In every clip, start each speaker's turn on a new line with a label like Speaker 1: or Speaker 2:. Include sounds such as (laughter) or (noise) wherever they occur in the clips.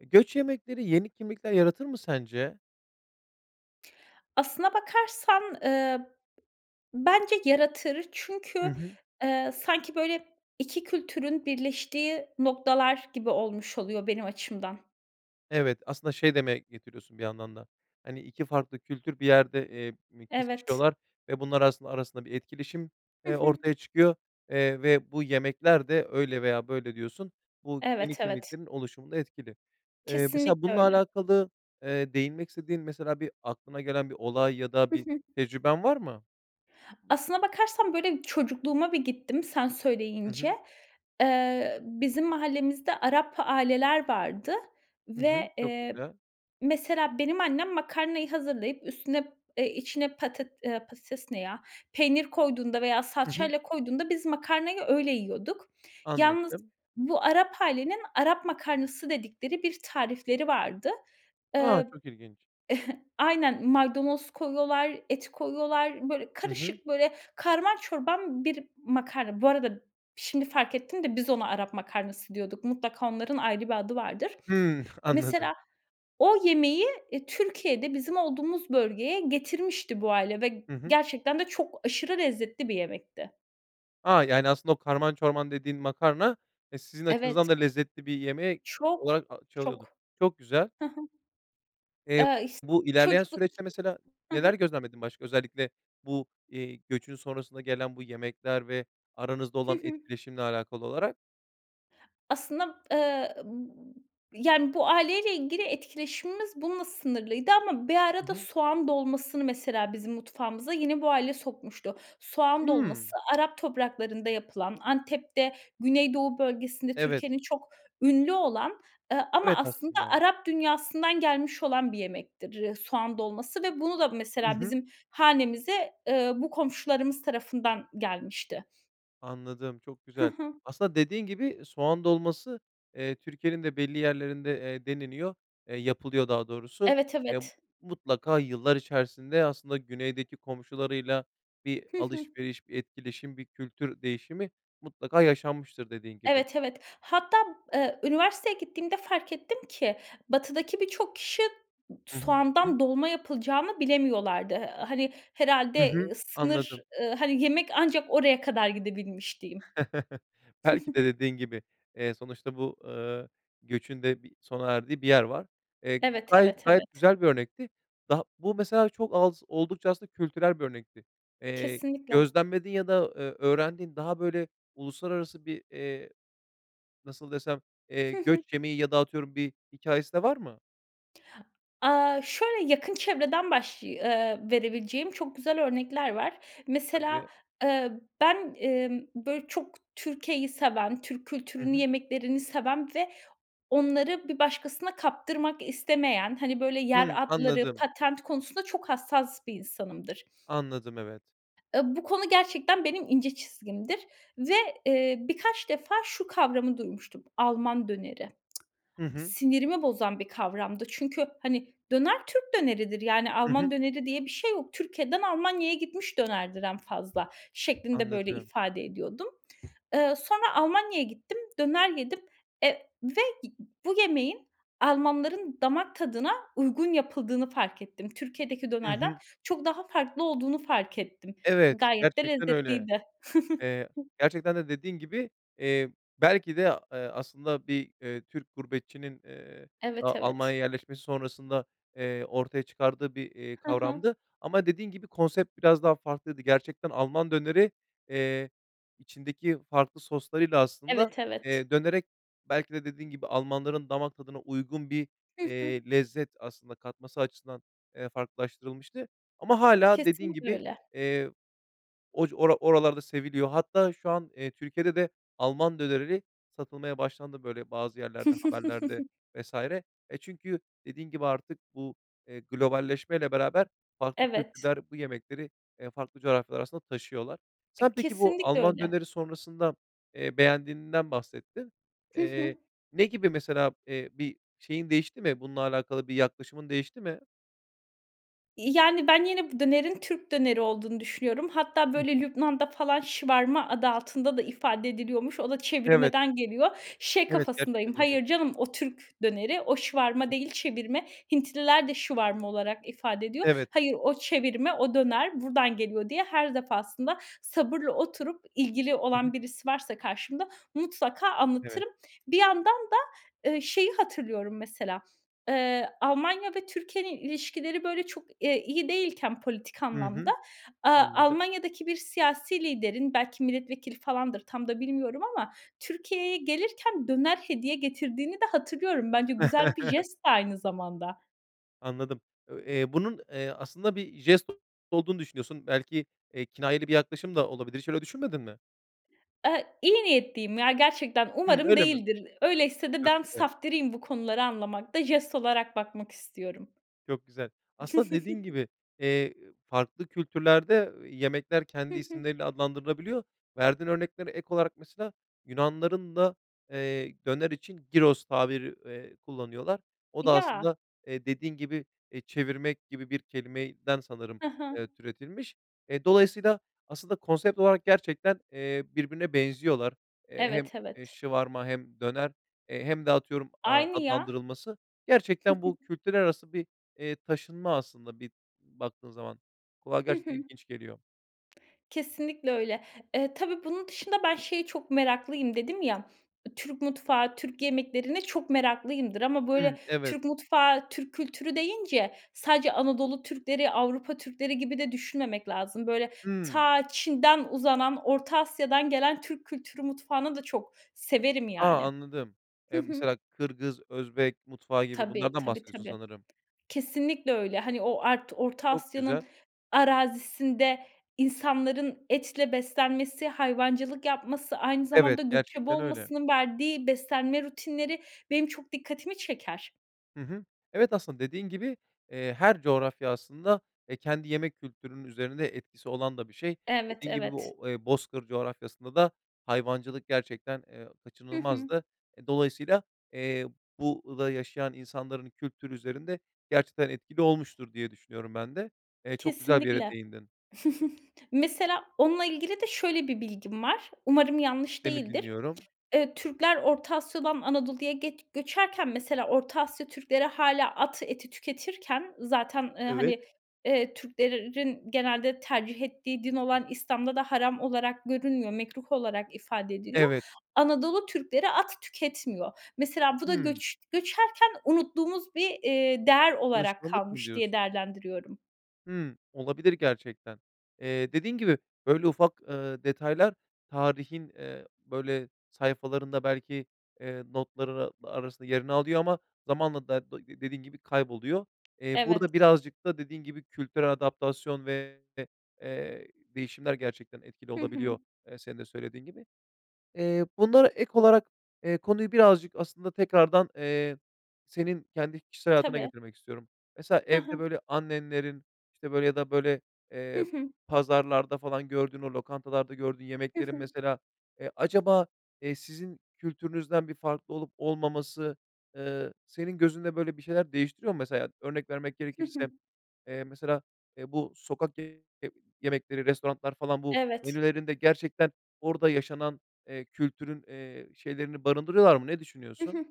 Speaker 1: Göç yemekleri yeni kimlikler yaratır mı sence?
Speaker 2: Aslına bakarsan, eee, bence yaratır.
Speaker 1: Hı
Speaker 2: Çünkü,
Speaker 1: hı.
Speaker 2: eee, sanki böyle 2 kültürün birleştiği noktalar gibi olmuş oluyor benim açımdan.
Speaker 1: Evet, aslında şey demeye getiriyorsun bir yandan da, hani, 2 farklı kültür bir yerde, eee, mi
Speaker 2: Evet.
Speaker 1: kesişiyorlar ve bunlar aras arasında bir etkileşim,
Speaker 2: Hı
Speaker 1: eee,
Speaker 2: hı.
Speaker 1: ortaya çıkıyor, eee, ve bu yemekler de öyle veya böyle diyorsun, bu yeni
Speaker 2: Evet, evet.
Speaker 1: kimliklerin oluşumunda etkili. Eee, mesela
Speaker 2: Kesinlikle
Speaker 1: bununla
Speaker 2: öyle.
Speaker 1: alakalı, eee, değinmek istediğin, mesela bir aklına gelen bir olay ya da
Speaker 2: Hı
Speaker 1: bir
Speaker 2: hı.
Speaker 1: tecrüben var mı?
Speaker 2: Aslına bakarsan, böyle, çocukluğuma bir gittim sen
Speaker 1: Hı
Speaker 2: söyleyince.
Speaker 1: hı.
Speaker 2: Eee, bizim mahallemizde Arap aileler vardı
Speaker 1: Hı hı,
Speaker 2: ve,
Speaker 1: çok
Speaker 2: eee,
Speaker 1: güzel.
Speaker 2: mesela benim annem makarnayı hazırlayıp üstüne, eee, içine patet eee, patates ne ya, peynir koyduğunda veya
Speaker 1: Hı hı.
Speaker 2: salçayla koyduğunda biz makarnayı öyle yiyorduk. Yalnız
Speaker 1: Anladım.
Speaker 2: bu Arap ailenin Arap makarnası dedikleri bir tarifleri vardı.
Speaker 1: A,
Speaker 2: Eee
Speaker 1: çok ilginç.
Speaker 2: (chuckles) Aynen, maydanoz koyuyorlar, et koyuyorlar, böyle,
Speaker 1: Hı hı.
Speaker 2: karışık, böyle, karman çorman bir makarna. Bu arada, şimdi fark ettim de biz ona Arap makarnası diyorduk. Mutlaka onların ayrı bir adı vardır.
Speaker 1: Hıı, (chuckles) anladım.
Speaker 2: Mesela o yemeği, eee, Türkiye'de bizim olduğumuz bölgeye getirmişti bu aile ve
Speaker 1: Hı hı.
Speaker 2: gerçekten de çok aşırı lezzetli bir yemekti.
Speaker 1: A! Yani, aslında, o karman çorman dediğin makarna, e, sizin
Speaker 2: Evet.
Speaker 1: açınızdan da lezzetli bir yemeği
Speaker 2: Çok,
Speaker 1: olarak çalıyordu.
Speaker 2: çok.
Speaker 1: Çok güzel.
Speaker 2: Hı hı.
Speaker 1: Eee,
Speaker 2: Eee, ist
Speaker 1: bu ilerleyen
Speaker 2: çocukluk.
Speaker 1: süreçte mesela
Speaker 2: Hı hı.
Speaker 1: neler gözlemledin başka, özellikle bu, eee, göçün sonrasında gelen bu yemekler ve aranızda
Speaker 2: Hı
Speaker 1: olan
Speaker 2: hı.
Speaker 1: etkileşimle alakalı olarak?
Speaker 2: Aslında, eee, b yani, bu aileyle ilgili etkileşimimiz bununla sınırlıydı ama bir
Speaker 1: Hı
Speaker 2: arada
Speaker 1: hı.
Speaker 2: soğan dolmasını mesela bizim mutfağımıza yine bu aile sokmuştu. Soğan dolması,
Speaker 1: Hımm.
Speaker 2: Arap topraklarında yapılan, Antep'te, Güney Doğu bölgesinde
Speaker 1: Evet.
Speaker 2: Türkiye'nin çok ünlü olan, ııı, ama
Speaker 1: Evet,
Speaker 2: aslında
Speaker 1: aslında.
Speaker 2: Arap dünyasından gelmiş olan bir yemektir, ııı, soğan dolması ve bunu da
Speaker 1: Hı
Speaker 2: mesela
Speaker 1: hı.
Speaker 2: bizim hanemize, ııı, bu komşularımız tarafından gelmişti.
Speaker 1: Anladım, çok
Speaker 2: Hı
Speaker 1: güzel.
Speaker 2: hı.
Speaker 1: Aslında dediğin gibi soğan dolması, eee, Türkiye'nin de belli yerlerinde, eee, deneniyor, eee, yapılıyor daha doğrusu.
Speaker 2: Evet,
Speaker 1: Eee,
Speaker 2: evet.
Speaker 1: mutlaka yıllar içerisinde, aslında güneydeki komşularıyla bir
Speaker 2: Hı hı.
Speaker 1: alışveriş, bir etkileşim, bir kültür değişimi mutlaka yaşanmıştır dediğin gibi.
Speaker 2: Evet, evet. Hatta, ııı, üniversiteye gittiğimde fark ettim ki batıdaki birçok kişi soğandan
Speaker 1: (unintelligible)
Speaker 2: dolma yapılacağını bilemiyorlardı. Eee, hani
Speaker 1: Hı hı,
Speaker 2: herhâlde sınır,
Speaker 1: anladım.
Speaker 2: ııı, hani yemek ancak oraya kadar gidebilmiş diyeyim.
Speaker 1: (chuckles) Belki de
Speaker 2: (giggles)
Speaker 1: dediğin gibi, eee, sonuçta bu, ııı, göçün de bir sona erdiği bir yer var. Eee,
Speaker 2: Evet,
Speaker 1: gayet
Speaker 2: evet,
Speaker 1: gayet
Speaker 2: evet.
Speaker 1: güzel bir örnekti. Daha Bu mesela çok az, oldukça aslında kültürel bir örnekti. Eee,
Speaker 2: Kesinlikle.
Speaker 1: gözlemlediğin ya da, ııı, öğrendiğin, daha böyle uluslararası bir, eee, nasıl desem, eee,
Speaker 2: Hı hı.
Speaker 1: göç yemeği ya da atıyorum bir hikâyesi de var mı?
Speaker 2: Aaa, şöyle yakın çevreden başlıy ııı, verebileceğim çok güzel örnekler var. Mesela,
Speaker 1: Tabii.
Speaker 2: eee, ben, emm, böyle, çok Türkiye'yi seven, Türk
Speaker 1: Hı
Speaker 2: kültürünü,
Speaker 1: hı.
Speaker 2: yemeklerini seven ve onları bir başkasına kaptırmak istemeyen, hani, böyle
Speaker 1: Hımm,
Speaker 2: yer adları,
Speaker 1: anladım.
Speaker 2: patent konusunda çok hassas bir insanımdır.
Speaker 1: Anladım, evet.
Speaker 2: Eee, bu konu gerçekten benim ince çizgimdir ve, eee, birkaç defa şu kavramı duymuştum Alman döneri.
Speaker 1: Hı
Speaker 2: (tsk)
Speaker 1: hı.
Speaker 2: Sinirimi bozan bir kavramdı. Çünkü, hani, döner, Türk döneridir yani
Speaker 1: Hı hı.
Speaker 2: Alman döneri diye bir şey yok. Türkiye'den Almanya'ya gitmiş dönerdir en fazla şeklinde böyle
Speaker 1: Anladım.
Speaker 2: ifade ediyordum. Iıı, sonra Almanya'ya gittim, döner yedim, e ve bu yemeğin Almanların damak tadına uygun yapıldığını fark ettim. Türkiye'deki
Speaker 1: Hı
Speaker 2: dönerden
Speaker 1: hı.
Speaker 2: çok daha farklı olduğunu fark ettim.
Speaker 1: Evet,
Speaker 2: Gayet de
Speaker 1: gerçekten öyle.
Speaker 2: lezzetliydi.
Speaker 1: Eee,
Speaker 2: (chuckles)
Speaker 1: gerçekten de dediğin gibi, eee, belki de, ııı, aslında bir, ııı, Türk gurbetçinin, eee,
Speaker 2: Evet,
Speaker 1: daha
Speaker 2: evet.
Speaker 1: Almanya'ya yerleşmesi sonrasında, eee, ortaya çıkardığı bir, eee,
Speaker 2: Hı hı.
Speaker 1: kavramdı, ama dediğin gibi, konsept biraz daha farklıydı. Gerçekten Alman döneri, eee, içindeki farklı soslarıyla aslında,
Speaker 2: Evet, evet.
Speaker 1: eee, dönerek, belki de dediğin gibi, Almanların damak tadına uygun bir,
Speaker 2: Hı hı.
Speaker 1: eee, lezzet aslında katması açısından, eee, farklılaştırılmıştı ama hâlâ dediğin
Speaker 2: Kesinlikle
Speaker 1: gibi,
Speaker 2: öyle.
Speaker 1: eee, oc ora oralarda seviliyor. Hatta şu an, eee, Türkiye'de de Alman dönerini satılmaya başlandı, böyle, bazı yerlerde, haberlerde
Speaker 2: (chuckles)
Speaker 1: vs. E, çünkü, dediğin gibi artık bu, eee, globalleşmeyle beraber, farklı
Speaker 2: Evet.
Speaker 1: kültürler, bu yemekleri, eee, farklı coğrafyalar arasında taşıyorlar. Sen
Speaker 2: E,
Speaker 1: peki bu
Speaker 2: kesinlikle
Speaker 1: Alman
Speaker 2: öyle.
Speaker 1: döneri sonrasında, eee, beğendiğinden bahsettin.
Speaker 2: Hı
Speaker 1: Eee,
Speaker 2: hı.
Speaker 1: ne gibi, mesela, eee, bir şeyin değişti mi, bununla alakalı bir yaklaşımın değişti mi?
Speaker 2: İii, yani, ben yine bu dönerin Türk döneri olduğunu düşünüyorum. Hatta,
Speaker 1: Hı
Speaker 2: böyle,
Speaker 1: hı.
Speaker 2: Lübnan'da falan shawarma adı altında da ifade ediliyormuş. O da
Speaker 1: Evet.
Speaker 2: çevirmeden geliyor. Şey
Speaker 1: Evet,
Speaker 2: kafasındayım,
Speaker 1: gerçekten öyle.
Speaker 2: "Hayır canım, o Türk döneri, o shawarma değil,
Speaker 1: (unintelligible)
Speaker 2: çevirme." Hintliler de shawarma olarak ifade ediyor.
Speaker 1: Evet.
Speaker 2: "Hayır, o çevirme, o döner buradan geliyor." diye her defasında sabırla oturup ilgili
Speaker 1: Hı
Speaker 2: olan
Speaker 1: hı.
Speaker 2: birisi varsa karşımda mutlaka
Speaker 1: Evet.
Speaker 2: anlatırım. Bir yandan da, eee, şeyi hatırlıyorum mesela, eee, Almanya ve Türkiye'nin ilişkileri, böyle, çok, eee, iyi değilken politik
Speaker 1: Hı
Speaker 2: anlamda,
Speaker 1: hı,
Speaker 2: aaa,
Speaker 1: anladım.
Speaker 2: Almanya'daki bir siyasi liderin, belki milletvekili falandır tam da bilmiyorum ama, Türkiye'ye gelirken döner hediye getirdiğini de hatırlıyorum. Bence güzel bir
Speaker 1: (chuckles)
Speaker 2: jest de aynı zamanda.
Speaker 1: Anladım. Ö eee, bunun, eee, aslında bir jest olduğunu düşünüyorsun. Belki, eee, kinayeli bir yaklaşım da olabilir. Hiç öyle düşünmedin mi?
Speaker 2: Evet, iyi niyetliyim ya gerçekten.
Speaker 1: Hımm.
Speaker 2: Umarım
Speaker 1: Öyle mi?
Speaker 2: değildir. Öyleyse de
Speaker 1: Çok
Speaker 2: ben
Speaker 1: güzel.
Speaker 2: saftiriğim bu konuları anlamakta. Jest olarak bakmak istiyorum.
Speaker 1: Çok güzel. Aslında dediğin
Speaker 2: (chuckles)
Speaker 1: gibi, eee, farklı kültürlerde, ııı, yemekler
Speaker 2: Hı
Speaker 1: kendi
Speaker 2: hı.
Speaker 1: isimleriyle adlandırılabiliyor. Verdiğin örneklere ek olarak mesela Yunanlıların da, eee, döner için gyros tabiri, eee, kullanıyorlar. O da
Speaker 2: Ya.
Speaker 1: aslında, eee, dediğin gibi, eee, çevirmek gibi bir kelimeden sanırım,
Speaker 2: Hı
Speaker 1: eee,
Speaker 2: hı.
Speaker 1: türetilmiş. Eee, dolayısıyla aslında konsept olarak gerçekten, eee, birbirine benziyorlar. Eee, hem,
Speaker 2: Evet,
Speaker 1: eee,
Speaker 2: evet.
Speaker 1: shawarma hem döner, eee, hem de atıyorum, aaa,
Speaker 2: Aynı ya.
Speaker 1: adlandırılması. Gerçekten bu
Speaker 2: (chuckles)
Speaker 1: kültürler arası bir, eee, taşınma aslında bir baktığın zaman. Kulağa
Speaker 2: Hı
Speaker 1: gerçekten
Speaker 2: hı.
Speaker 1: ilginç geliyor.
Speaker 2: Kesinlikle öyle. Eee, tabii, bunun dışında ben şeye çok meraklıyım dedim ya. Türk mutfağı, Türk yemeklerine çok meraklıyımdır ama, böyle,
Speaker 1: Hımm. Evet.
Speaker 2: Türk mutfağı, Türk kültürü deyince sadece Anadolu Türkleri, Avrupa Türkleri gibi de düşünmemek lazım. Böyle,
Speaker 1: Hımm.
Speaker 2: ta, Çin'den uzanan Orta Asya'dan gelen Türk kültürü mutfağını da çok severim,
Speaker 1: A!
Speaker 2: yani.
Speaker 1: Anladım.
Speaker 2: Hı
Speaker 1: Eee,
Speaker 2: hı.
Speaker 1: mesela, Kırgız, Özbek mutfağı gibi
Speaker 2: Tabii,
Speaker 1: bunlardan
Speaker 2: tabii,
Speaker 1: bahsediyorsun
Speaker 2: tabii.
Speaker 1: sanırım.
Speaker 2: Kesinlikle öyle. Hani, o art Orta
Speaker 1: Çok
Speaker 2: Asya'nın
Speaker 1: güzel.
Speaker 2: arazisinde insanların etle beslenmesi, hayvancılık yapması, aynı
Speaker 1: Evet,
Speaker 2: zamanda göçebe
Speaker 1: gerçekten öyle.
Speaker 2: olmasının verdiği beslenme rutinleri benim çok dikkatimi çeker.
Speaker 1: Hı hı. Evet, aslında dediğin gibi, eee, her coğrafya aslında, eee, kendi yemek kültürünün üzerinde etkisi olan da bir şey.
Speaker 2: Evet,
Speaker 1: Dediğin gibi,
Speaker 2: evet.
Speaker 1: bu o bozkır coğrafyasında da hayvancılık gerçekten, ııı,
Speaker 2: Hı hı.
Speaker 1: kaçınılmazdı. E, dolayısıyla, eee, bu da yaşayan insanların kültür üzerinde gerçekten etkili olmuştur diye düşünüyorum ben de. Eee, çok güzel bir yere
Speaker 2: Kesinlikle.
Speaker 1: değindin.
Speaker 2: (chuckles) Mesela onunla ilgili de şöyle bir bilgim var. Umarım yanlış
Speaker 1: Seni
Speaker 2: değildir.
Speaker 1: dinliyorum.
Speaker 2: Iıı, Türkler Orta Asya'dan Anadolu'ya get göçerken mesela Orta Asya Türkleri hâlâ at eti tüketirken zaten, ııı,
Speaker 1: Evet.
Speaker 2: hani, eee, Türklerin genelde tercih ettiği din olan İslam'da da haram olarak görünmüyor, mekruh olarak ifade ediliyor.
Speaker 1: Evet.
Speaker 2: Anadolu Türkleri at tüketmiyor. Mesela bu da
Speaker 1: Hımm.
Speaker 2: göç göçerken unuttuğumuz bir, iii, değer olarak
Speaker 1: Alışkanlık mı
Speaker 2: kalmış
Speaker 1: diyorsun?
Speaker 2: diye değerlendiriyorum.
Speaker 1: Hımm, olabilir gerçekten. Eee, dediğin gibi, böyle, ufak, ııı, detaylar tarihin, eee, böyle, sayfalarında belki, eee, notları ra arasında yerini alıyor ama zamanla (unintelligible) dediğin gibi kayboluyor. Eee, burada
Speaker 2: Evet.
Speaker 1: birazcık da dediğin gibi kültürel adaptasyon ve de, eee, değişimler gerçekten etkili
Speaker 2: Hı hı.
Speaker 1: olabiliyor, ııı, senin de söylediğin gibi. Eee, bunlara ek olarak, eee, konuyu birazcık aslında tekrardan, eee, senin kendi kişisel hayatına
Speaker 2: Tabii.
Speaker 1: getirmek istiyorum. Mesela
Speaker 2: Hı
Speaker 1: evde,
Speaker 2: hı.
Speaker 1: böyle, annenlerin, işte, böyle, ya da, böyle,
Speaker 2: Hı
Speaker 1: ııı,
Speaker 2: hı.
Speaker 1: pazarlarda falan gördüğün, o lokantalarda gördüğün
Speaker 2: Hı
Speaker 1: yemeklerin
Speaker 2: hı.
Speaker 1: mesela, ııı, acaba, iii, sizin kültürünüzden bir farklı olup olmaması, ııı, senin gözünde, böyle, bir şeyler değiştiriyor mu mesela? Örnek vermek
Speaker 2: Hı hı.
Speaker 1: gerekirse, ııı, mesela, ııı, bu sokak (unintelligible) yemekleri, restoranlar falan bu
Speaker 2: Evet.
Speaker 1: menülerinde gerçekten orada yaşanan, ııı, kültürün, ııı, şeylerini barındırıyorlar mı? Ne
Speaker 2: Hı
Speaker 1: düşünüyorsun?
Speaker 2: hı.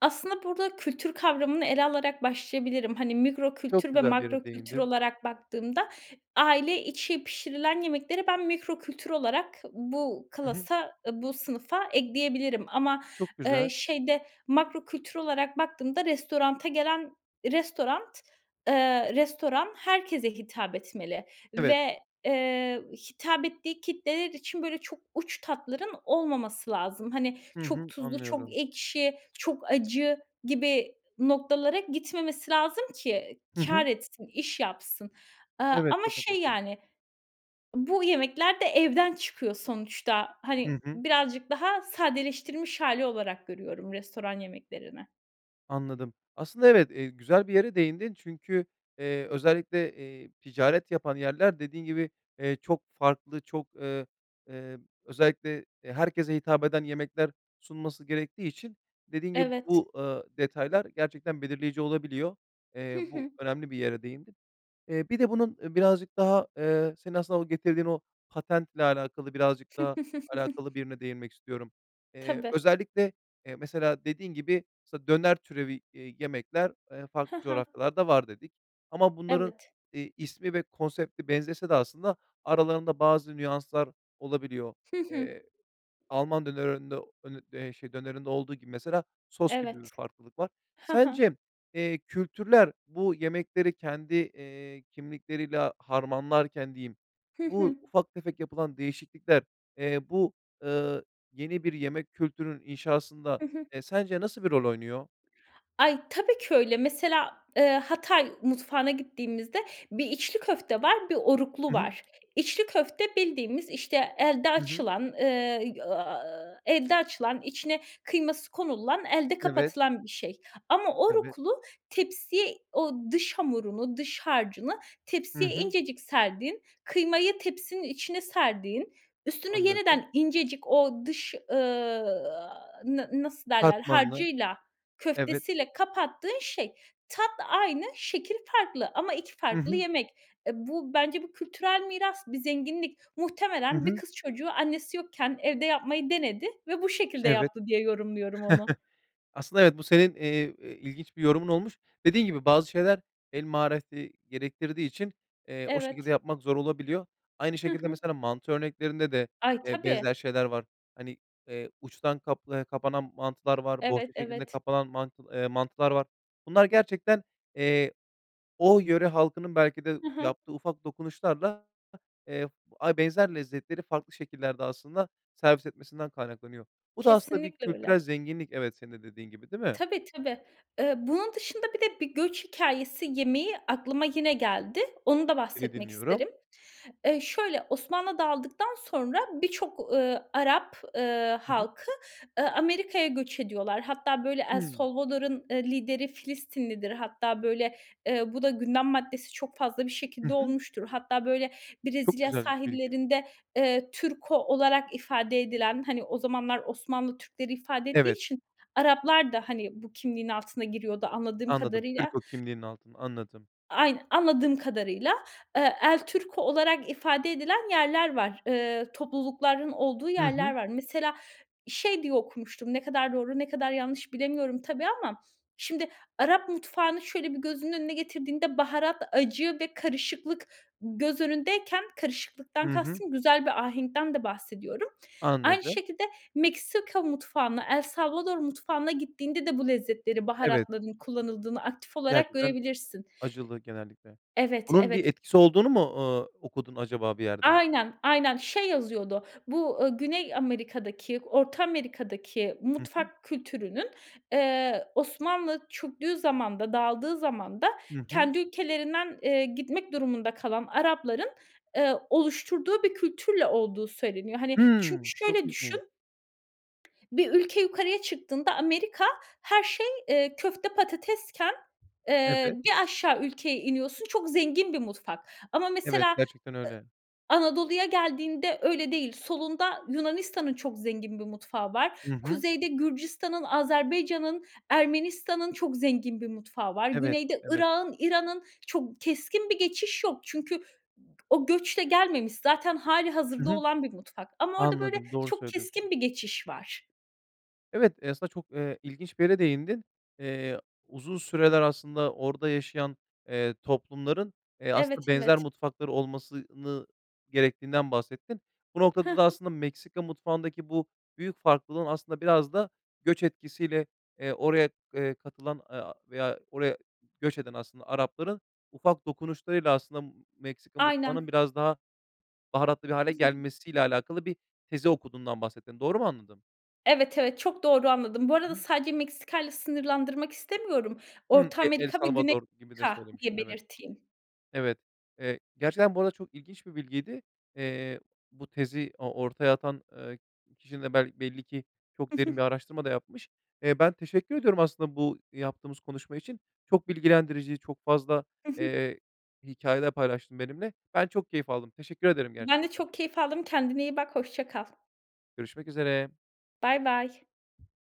Speaker 2: Aslında burada kültür kavramını ele alarak başlayabilirim. Hani, mikro
Speaker 1: Çok
Speaker 2: kültür ve
Speaker 1: güzel bir
Speaker 2: makro
Speaker 1: yere
Speaker 2: kültür
Speaker 1: değindin.
Speaker 2: olarak baktığımda aile içi pişirilen yemekleri ben mikro kültür olarak bu
Speaker 1: Hı hı.
Speaker 2: klasa, ııı, bu sınıfa ekleyebilirim ama,
Speaker 1: Çok güzel.
Speaker 2: ııı, şeyde makro kültür olarak baktığımda restorana gelen restoran, ııı, restoran herkese hitap etmeli
Speaker 1: Evet.
Speaker 2: ve, eee, hitap ettiği kitleler için, böyle, çok uç tatların olmaması lazım. Hani,
Speaker 1: Hı
Speaker 2: çok
Speaker 1: hı,
Speaker 2: tuzlu, çok
Speaker 1: anlıyorum.
Speaker 2: ekşi, çok acı gibi noktalara gitmemesi lazım ki
Speaker 1: Hı
Speaker 2: kâr
Speaker 1: hı.
Speaker 2: etsin, iş yapsın, ııı,
Speaker 1: Evet,
Speaker 2: ama
Speaker 1: çok
Speaker 2: şey,
Speaker 1: (unintelligible)
Speaker 2: yani, bu yemekler de evden çıkıyor sonuçta.
Speaker 1: Hı
Speaker 2: Hani,
Speaker 1: hı.
Speaker 2: birazcık daha sadeleştirilmiş hâli olarak görüyorum restoran yemeklerini.
Speaker 1: Anladım. Aslında evet, eee, güzel bir yere değindin çünkü, eee, özellikle, eee, ticaret yapan yerler, dediğin gibi, eee, çok farklı, çok, ııı, eee, özellikle, eee, herkese hitap eden yemekler sunması gerektiği için, dediğin gibi
Speaker 2: Evet.
Speaker 1: bu, ııı, detaylar gerçekten belirleyici olabiliyor.
Speaker 2: Hı
Speaker 1: Eee, bu
Speaker 2: hı.
Speaker 1: önemli bir yere değindin. Eee, bir de bunun, eee, birazcık daha, eee, senin aslında o getirdiğin o patentle alakalı, birazcık daha alakalı
Speaker 2: (chuckles)
Speaker 1: bir yerine değinmek istiyorum. Eee,
Speaker 2: Tabii.
Speaker 1: özellikle, eee, mesela dediğin gibi, mesela döner türevi, eee, yemekler, eee,
Speaker 2: Hı
Speaker 1: farklı
Speaker 2: hı.
Speaker 1: coğrafyalarda var dedik ama bunların,
Speaker 2: Evet.
Speaker 1: iii, ismi ve konsepti benzese de aslında aralarında bazı nüanslar olabiliyor.
Speaker 2: Hı hı.
Speaker 1: Eee, Alman dönerinde, hani, eee, şey, dönerinde olduğu gibi mesela sos gibi bir
Speaker 2: Evet,
Speaker 1: farklılık var.
Speaker 2: hı hı.
Speaker 1: Sence, eee, kültürler, bu yemekleri kendi, eee, kimlikleriyle harmanlarken diyeyim,
Speaker 2: Hı
Speaker 1: bu
Speaker 2: hı.
Speaker 1: ufak tefek yapılan değişiklikler, eee, bu, eee, yeni bir yemek kültürünün inşasında,
Speaker 2: Hı hı.
Speaker 1: eee, sence nasıl bir rol oynuyor?
Speaker 2: Ay, tabii ki öyle. Mesela, eee, Hatay mutfağına gittiğimizde bir içli köfte var, bir oruklu
Speaker 1: Hı hı.
Speaker 2: var. İçli köfte bildiğimiz, işte, elde
Speaker 1: Hı hı.
Speaker 2: açılan, eee, y aaa, elde açılan, içine kıyması konululan, elde
Speaker 1: Evet.
Speaker 2: kapatılan bir şey ama
Speaker 1: Evet.
Speaker 2: oruklu tepsiye o dış hamurunu, dış harcını
Speaker 1: Hı
Speaker 2: tepsiye
Speaker 1: hı.
Speaker 2: incecik serdiğin, kıymayı tepsinin içine serdiğin, üstüne
Speaker 1: Anladım.
Speaker 2: yeniden incecik o dış, ııı, aaa, na nasıl derler
Speaker 1: Katmanlı,
Speaker 2: harcıyla,
Speaker 1: evet.
Speaker 2: köftesiyle kapattığın şey. Tat aynı, şekil farklı ama iki
Speaker 1: Hı
Speaker 2: farklı
Speaker 1: hı.
Speaker 2: yemek. E, bu bence bu kültürel miras, bir zenginlik.
Speaker 1: Hı
Speaker 2: Muhtemelen bir
Speaker 1: hı.
Speaker 2: kız çocuğu annesi yokken evde yapmayı denedi ve bu şekilde
Speaker 1: Evet.
Speaker 2: yaptı diye yorumluyorum onu.
Speaker 1: (chuckles) Aslında evet, bu senin, eee, eee, ilginç bir yorumun olmuş. Dediğin gibi, bazı şeyler el mahareti gerektirdiği için, eee, o şekilde
Speaker 2: Evet.
Speaker 1: yapmak zor olabiliyor. Aynı
Speaker 2: Hı
Speaker 1: şekilde
Speaker 2: hı.
Speaker 1: mesela, mantı örneklerinde de,
Speaker 2: Ay,
Speaker 1: eee,
Speaker 2: tabii.
Speaker 1: benzer şeyler var. Hani, eee, uçtan kaplayan kapanan mantılar var,
Speaker 2: Evet,
Speaker 1: bohça şeklinde
Speaker 2: evet.
Speaker 1: kapanan mantıl eee, mantılar var. Bunlar gerçekten, eee, o yöre halkının belki de
Speaker 2: Hı hı.
Speaker 1: yaptığı ufak dokunuşlarla, eee, ay benzer lezzetleri farklı şekillerde aslında servis etmesinden kaynaklanıyor. Bu da aslında bir
Speaker 2: Kesinlikle öyle.
Speaker 1: kültürel zenginlik, evet, senin de dediğin gibi, değil mi?
Speaker 2: Tabii, tabii. Eee, bunun dışında bir de bir göç hikâyesi yemeği aklıma yine geldi. Onu da
Speaker 1: Seni
Speaker 2: bahsetmek isterim.
Speaker 1: dinliyorum.
Speaker 2: Eee, şöyle Osmanlı dağıldıktan sonra birçok, ııı, Arap, ııı,
Speaker 1: Hı hı.
Speaker 2: halkı, ııı, Amerika'ya göç ediyorlar. Hatta böyle El
Speaker 1: Hımm.
Speaker 2: Salvador'un, ııı, lideri Filistinlidir. Hatta böyle, eee, bu da gündem maddesi çok fazla bir
Speaker 1: Hı
Speaker 2: şekilde
Speaker 1: hı.
Speaker 2: olmuştur. Hatta böyle
Speaker 1: Çok
Speaker 2: Brezilya
Speaker 1: güzel bir bilgi.
Speaker 2: sahillerinde, eee, "Turco" olarak ifade edilen, hani o zamanlar Osmanlı Türkleri ifade ettiği
Speaker 1: Evet.
Speaker 2: için Araplar da hani bu kimliğin altına giriyordu anladığım
Speaker 1: Anladım,
Speaker 2: kadarıyla.
Speaker 1: "Turco" kimliğinin altına. Anladım.
Speaker 2: Ay anladığım kadarıyla. Eee, "El Turco" olarak ifade edilen yerler var, eee, toplulukların olduğu
Speaker 1: Hı
Speaker 2: yerler
Speaker 1: hı.
Speaker 2: var. Mesela şey diye okumuştum, ne kadar doğru, ne kadar yanlış bilemiyorum tabii ama şimdi Arap mutfağını şöyle bir gözünün önüne getirdiğinde baharat, acı ve karışıklık göz önündeyken,
Speaker 1: Hı
Speaker 2: karışıklıktan
Speaker 1: hı.
Speaker 2: kastım güzel bir ahenkten de bahsediyorum, aynı
Speaker 1: Anladım.
Speaker 2: şekilde Meksika mutfağına, El Salvador mutfağına gittiğinde de bu lezzetleri,
Speaker 1: Evet.
Speaker 2: baharatların kullanıldığını aktif olarak
Speaker 1: Gerçekten
Speaker 2: görebilirsin.
Speaker 1: acılı genellikle.
Speaker 2: Evet,
Speaker 1: Bunun bir
Speaker 2: evet.
Speaker 1: etkisi olduğunu mu, ııı, okudun acaba bir yerde?
Speaker 2: Aynen, aynen. Şey yazıyordu. Bu, ııı, Güney Amerika'daki, Orta Amerika'daki
Speaker 1: Hı hı.
Speaker 2: mutfak kültürünün, eee, Osmanlı çöktüğü zamanda, dağıldığı zamanda
Speaker 1: Hı hı.
Speaker 2: kendi ülkelerinden, eee, gitmek durumunda kalan Arapların, eee, oluşturduğu bir kültürle olduğu söyleniyor. Hani, çünkü
Speaker 1: Hımm, çok
Speaker 2: şöyle
Speaker 1: ilginç.
Speaker 2: düşün, bir ülke yukarıya çıktığında Amerika her şey, eee, köfte, patatesken, eee,
Speaker 1: Evet.
Speaker 2: bir aşağı ülkeye iniyorsun, çok zengin bir mutfak. Ama
Speaker 1: Evet,
Speaker 2: mesela, ııı,
Speaker 1: gerçekten öyle.
Speaker 2: Anadolu'ya geldiğinde öyle değil. Solunda Yunanistan'ın çok zengin bir mutfağı var.
Speaker 1: I hı.
Speaker 2: Kuzeyde Gürcistan'ın, Azerbaycan'ın, Ermenistan'ın çok zengin bir mutfağı var.
Speaker 1: Evet,
Speaker 2: Güneyde
Speaker 1: evet.
Speaker 2: Irak'ın, İran'ın. Çok keskin bir geçiş yok. Çünkü o göçle gelmemiş. Zaten
Speaker 1: Hı
Speaker 2: hâlihazırda
Speaker 1: hı.
Speaker 2: olan bir mutfak ama orada, böyle,
Speaker 1: Anladım, doğru
Speaker 2: çok keskin
Speaker 1: söylüyorsun.
Speaker 2: bir geçiş var.
Speaker 1: Evet, eee, aslında çok, eee, ilginç bir yere değindin. Eee, uzun süreler aslında orada yaşayan, eee, toplumların, eee,
Speaker 2: Evet,
Speaker 1: aslında benzer
Speaker 2: evet.
Speaker 1: mutfakları olmasını gerektiğinden bahsettin. Bu
Speaker 2: Hı
Speaker 1: noktada da
Speaker 2: hı.
Speaker 1: aslında Meksika mutfağındaki bu büyük farklılığın aslında biraz da göç etkisiyle, eee, oraya, eee, katılan, eee, veya oraya göç eden aslında Arapların ufak dokunuşlarıyla aslında Meksika mutfağının
Speaker 2: Aynen.
Speaker 1: biraz daha baharatlı bir hâle
Speaker 2: (chuckles)
Speaker 1: gelmesiyle alakalı bir tezi okuduğundan bahsettin. Doğru mu anladım?
Speaker 2: Evet, evet, çok doğru anladın. Bu arada
Speaker 1: (unintelligible)
Speaker 2: sadece Meksika'yla sınırlandırmak istemiyorum.
Speaker 1: Hımm,
Speaker 2: Orta
Speaker 1: E El
Speaker 2: Amerika ve Güney
Speaker 1: Salvador gibi de
Speaker 2: Amerika diye
Speaker 1: söylemiştin. Evet,
Speaker 2: belirteyim.
Speaker 1: evet, eee, gerçekten bu arada çok ilginç bir bilgiydi. Eee, bu tezi o ortaya atan, eee, kişi de bel belli ki çok derin bir araştırma da yapmış. Eee, ben teşekkür ediyorum aslında bu yaptığımız konuşma için. Çok bilgilendirici, çok fazla,
Speaker 2: Hı hı.
Speaker 1: eee, hikâyeler paylaştın benimle. Ben çok keyif aldım. Teşekkür ederim
Speaker 2: Ben de
Speaker 1: gerçekten.
Speaker 2: çok keyif aldım. Kendine iyi bak. Hoşça kal.
Speaker 1: Görüşmek üzere.
Speaker 2: Bay bay.